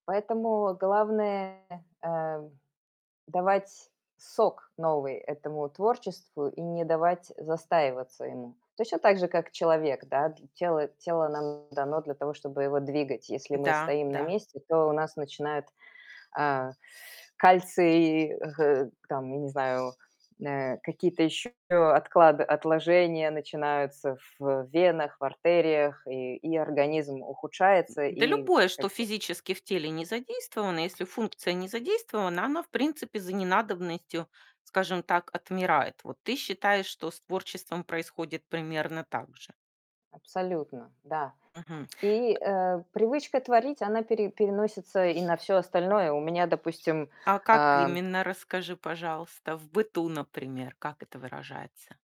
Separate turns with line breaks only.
Поэтому главное, э, давать сок новый этому творчеству и не давать застаиваться ему. Точно так же, как человек, да. Т тело тело нам дано для того, чтобы его двигать. Если мы
Да,
стоим на
да.
месте, то у нас начинает, а, кальций, г там я не знаю, м, э, какие-то ещё отклад отложения начинаются в венах, в артериях, и и организм ухудшается
Да,
и
любое,
как
что
бы
физически в теле не задействовано. Если функция не задействована, она в принципе, за ненадобностью, скажем так, отмирает. Вот ты считаешь, что с творчеством происходит примерно так же?
Абсолютно, да.
Мгм.
И,
Э
э, привычка творить, она пере переносится и на всё остальное. У меня, допустим,
А как
ам
именно, расскажи, пожалуйста. В быту, например, как это выражается?